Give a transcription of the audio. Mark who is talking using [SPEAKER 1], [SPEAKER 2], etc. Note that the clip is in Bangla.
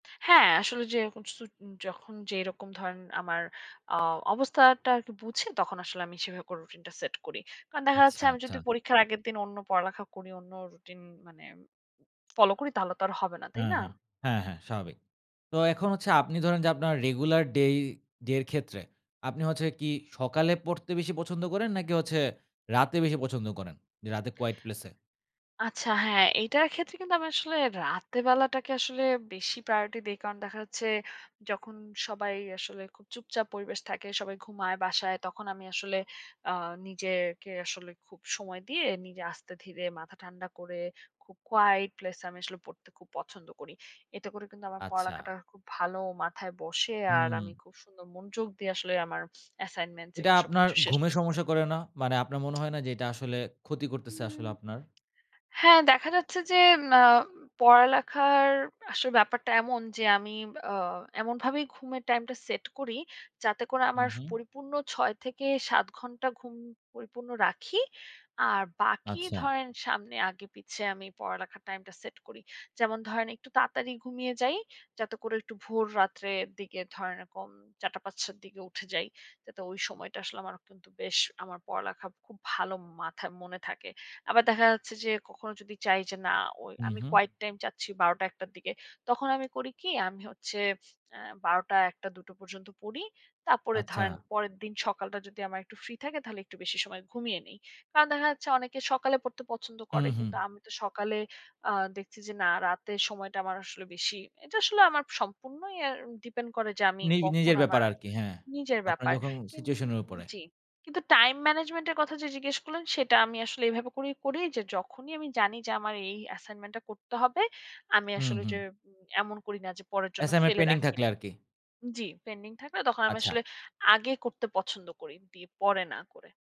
[SPEAKER 1] হ্যাঁ, আসলে যেরকম সু যখন যেরকম ধরেন আমার আ অবস্থাটা আরকি বুঝে তখন আসলে আমি সেভাবে করে রুটিনটা সেট করি। কারণ দেখা যাচ্ছে
[SPEAKER 2] আচ্ছা,
[SPEAKER 1] আমি যদি
[SPEAKER 2] আচ্ছা।
[SPEAKER 1] পরীক্ষার আগের দিন অন্য পড়ালেখা করি, অন্য রুটিন মানে ফলো করি তাহলে তো আর হবে না।
[SPEAKER 2] হু,
[SPEAKER 1] তাই না?
[SPEAKER 2] হু। হ্যাঁ, হ্যাঁ স্বাভাবিক। তো এখন হচ্ছে আপনি ধরেন যে আপনার রেগুলার ডেই ডে এর ক্ষেত্রে আপনি হচ্ছে কি সকালে পড়তে বেশি পছন্দ করেন নাকি হচ্ছে রাতে বেশি পছন্দ করেন? যে রাতে কোয়াইট প্লেসে?
[SPEAKER 1] আচ্ছা, হ্যাঁ। এটার ক্ষেত্রে কিন্তু আমি আসলে রাতের বেলাটাকে আসলে বেশি প্রায়োরিটি দেই। কারণ দেখা হচ্ছে যখন সবাই আসলে খুব চুপচাপ পরিবেশ থাকে। সবাই ঘুমায় বাসায় তখন আমি আসলে আ নিজেকে আসলে খুব সময় দিয়ে নিজে আস্তে ধীরে মাথা ঠান্ডা করে, খুব কোয়াইট প্লেসে আমি আসলে পড়তে খুব পছন্দ করি। এটা করে কিন্তু আমার
[SPEAKER 2] আচ্ছা।
[SPEAKER 1] পড়ালেখাটা খুব ভালো মাথায় বসে। আর
[SPEAKER 2] হুম।
[SPEAKER 1] আমি খুব সুন্দর মনোযোগ দিয়ে আসলে আমার অ্যাসাইনমেন্টস
[SPEAKER 2] এটা
[SPEAKER 1] এগুলো
[SPEAKER 2] আপনার
[SPEAKER 1] সবকিছু শেষ
[SPEAKER 2] ঘুমের
[SPEAKER 1] করতে
[SPEAKER 2] সমস্যা
[SPEAKER 1] পারি।
[SPEAKER 2] করে না? মানে আপনার মনে হয় না যে এটা আসলে ক্ষতি করতেছে
[SPEAKER 1] হুম।
[SPEAKER 2] আসলে আপনার?
[SPEAKER 1] হ্যাঁ, দেখা যাচ্ছে যে ম অ্যা পড়ালেখার আসলে ব্যাপারটা এমন যে আমি অ্যা এমনভাবেই ঘুমের টাইমটা সেট করি যাতে করে আমার স
[SPEAKER 2] উহুম।
[SPEAKER 1] পরিপূর্ণ ৬ থেকে ৭ ঘণ্টা ঘুম পরিপূর্ণ রাখি। আর বাকি
[SPEAKER 2] আচ্ছা।
[SPEAKER 1] ধরেন সামনে আগে পিছে আমি পড়ালেখার টাইমটা সেট করি। যেমন ধরেন একটু তাড়াতাড়ি ঘুমিয়ে যাই। যাতে করে একটু ভোর রাত্রের দিকে ধরেন এরকম ৪ঃ০০,৫ঃ০০ র দিকে উঠে যাই। যাতে ওই সময়টা আসলে আমার কিন্তু বেশ আমার পড়ালেখা খুব ভালো মাথা মনে থাকে। আবার দেখা যাচ্ছে যে কখনো যদি চাই যে না ঐ, আমি
[SPEAKER 2] উহু।
[SPEAKER 1] কোয়াইট টাইম যাচ্ছি ১২ঃ০০, ১ঃ০০ র দিকে। তখন আমি করি কী? আমি হচ্ছে আ ১২ঃ০০, ১ঃ০০, দুটো পর্যন্ত পড়ি। তারপরে
[SPEAKER 2] আচ্ছা।
[SPEAKER 1] ধরেন পরের দিন সকালটা যদি আমার একটু ফ্রি থাকে, তাহলে একটু বেশি সময় ঘুমিয়ে নেই। কারণ দেখা যাচ্ছে অনেকে সকালে পড়তে পছন্দ করে। কিন্তু
[SPEAKER 2] উহু।
[SPEAKER 1] আমি তো সকালে অ্যা দেখছি যে না রাতে সময়টা আমার আসলে বেশি। এটা আসলে আমার সম্পূর্ণই এ ডিপেন্ড করে যে আমি
[SPEAKER 2] নি
[SPEAKER 1] কখন
[SPEAKER 2] নিজের ব্যাপার
[SPEAKER 1] আমার
[SPEAKER 2] আরকি। হ্যাঁ,
[SPEAKER 1] নিজের
[SPEAKER 2] আপনার
[SPEAKER 1] ব্যাপার।
[SPEAKER 2] যখন
[SPEAKER 1] কিন
[SPEAKER 2] সিচুয়েশনের উপরে।
[SPEAKER 1] জি। কিন্তু টাইম ম্যানেজমেন্ট এর কথা যে জিজ্ঞেস করলেন, সেটা আমি আসলে এভাবে করেই করি যে, যখনই আমি জানি যে আমার এই অ্যাসাইনমেন্টটা করতে হবে, আমি
[SPEAKER 2] হুম,
[SPEAKER 1] আসলে
[SPEAKER 2] হুম।
[SPEAKER 1] যে এমন করি না যে, পরের জন্য
[SPEAKER 2] অ্যাসাইনমেন্ট
[SPEAKER 1] ফেলে
[SPEAKER 2] পেন্ডিং
[SPEAKER 1] রাখি
[SPEAKER 2] থাকলে
[SPEAKER 1] না
[SPEAKER 2] আরকি।
[SPEAKER 1] জি, পেন্ডিং থাকলে তখন আমি
[SPEAKER 2] আচ্ছা।
[SPEAKER 1] আসলে আগে করতে পছন্দ করি। দি পরে না করে।